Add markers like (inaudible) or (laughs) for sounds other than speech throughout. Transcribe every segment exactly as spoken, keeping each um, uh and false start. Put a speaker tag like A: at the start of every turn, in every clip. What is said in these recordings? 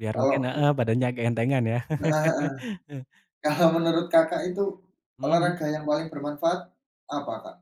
A: Biar mungkin
B: Kalau ku
A: heeh, badannya agak entengan, ya?
B: Heeh heeh,
A: (laughs)
B: kalau menurut, Kakak, itu
A: Mhm mhm.
B: olahraga yang paling bermanfaat apa, Kak?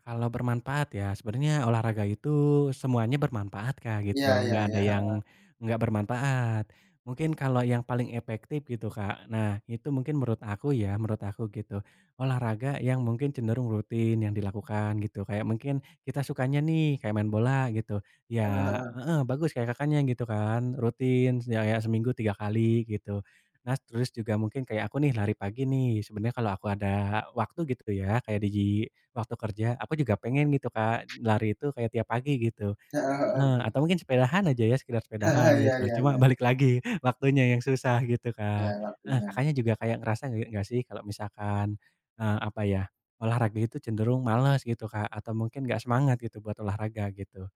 A: Kalau bermanfaat ya sebenarnya olahraga itu semuanya bermanfaat, Kak,
B: Ya
A: gitu,
B: ya
A: nggak ada
B: ya,
A: yang
B: heeh.
A: nggak bermanfaat. Mungkin kalau yang paling efektif, gitu, Kak, nah, itu mungkin menurut aku ya, menurut aku gitu, olahraga yang mungkin cenderung rutin yang dilakukan gitu, kayak mungkin kita sukanya nih, kayak main bola, gitu.
B: Heeh
A: Ya
B: heeh.
A: heeh, bagus kayak, Kakaknya, gitu, kan, rutin, ya ya seminggu tiga kali, gitu. Nah, terus juga mungkin kayak aku nih, lari pagi nih, sebenarnya kalau aku ada waktu, gitu, ya, kayak di gi waktu kerja, aku juga pengen, gitu, Kak, lari itu kayak tiap pagi, gitu,
B: Heeh heeh,
A: heeh,
B: betul.
A: atau mungkin sepedaan aja ya, sekedar sepedaan
B: Heeh, iya
A: gitu,
B: iya
A: cuma
B: iya.
A: balik lagi waktunya yang susah, gitu,
B: Ya,
A: Kak. Heeh,
B: waktunya.
A: Kakaknya, juga kayak ngerasa nggak sih kalau misalkan eee, apa ya, olahraga itu cenderung males, gitu, Kak, atau mungkin nggak semangat gitu, buat olahraga, gitu?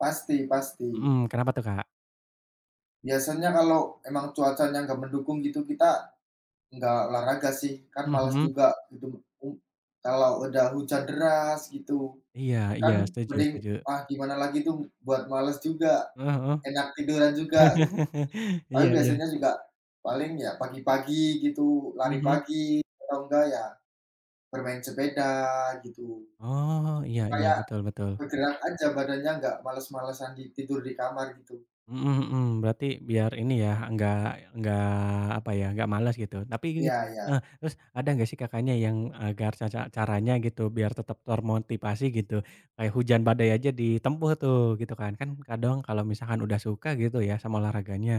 B: Pasti pasti.
A: Mhm, kenapa tuh, Kak?
B: Biasanya kalau emang cuacanya enggak mendukung gitu, kita enggak olahraga sih, kan
A: Mhm,
B: malas
A: mhm.
B: juga, gitu. U kalau ada hujan deras, gitu,
A: Iya iya,
B: kan
A: setuju
B: mending,
A: setuju.
B: ah, gimana lagi tuh buat malas juga,
A: Heeh
B: enak tiduran
A: heeh,
B: juga, gitu.
A: (laughs) iya
B: Paling
A: iya.
B: biasanya juga paling ya pagi-pagi gitu,
A: Mhm
B: lari
A: mhm.
B: pagi atau enggak ya bermain sepeda, gitu.
A: Oh, iya iya,
B: Kayak
A: betul betul.
B: bergerak aja badannya, enggak males-malesan di tidur di kamar, gitu.
A: Mhm mhm, berarti biar ini ya, enggak enggak apa ya, enggak males, gitu. Tapi
B: Ya ya.
A: heeh, terus ada enggak sih, Kakaknya, yang agar ca ca caranya, gitu, biar tetap termotivasi, gitu. Kayak hujan badai aja ditempuh tuh, gitu, kan. Kan kadang kalau misalkan udah suka, gitu ya, sama olahraganya,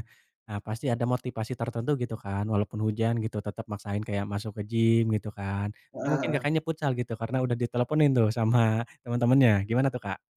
A: nah, pasti ada motivasi tertentu, gitu kan, walaupun hujan, gitu, tetap maksain kayak masuk ke gim, gitu kan. Atau
B: Heeh
A: mungkin,
B: heeh.
A: Kakaknya, futsal, gitu, karena udah diteleponin tuh sama teman-temannya, gimana, tuh, Kak?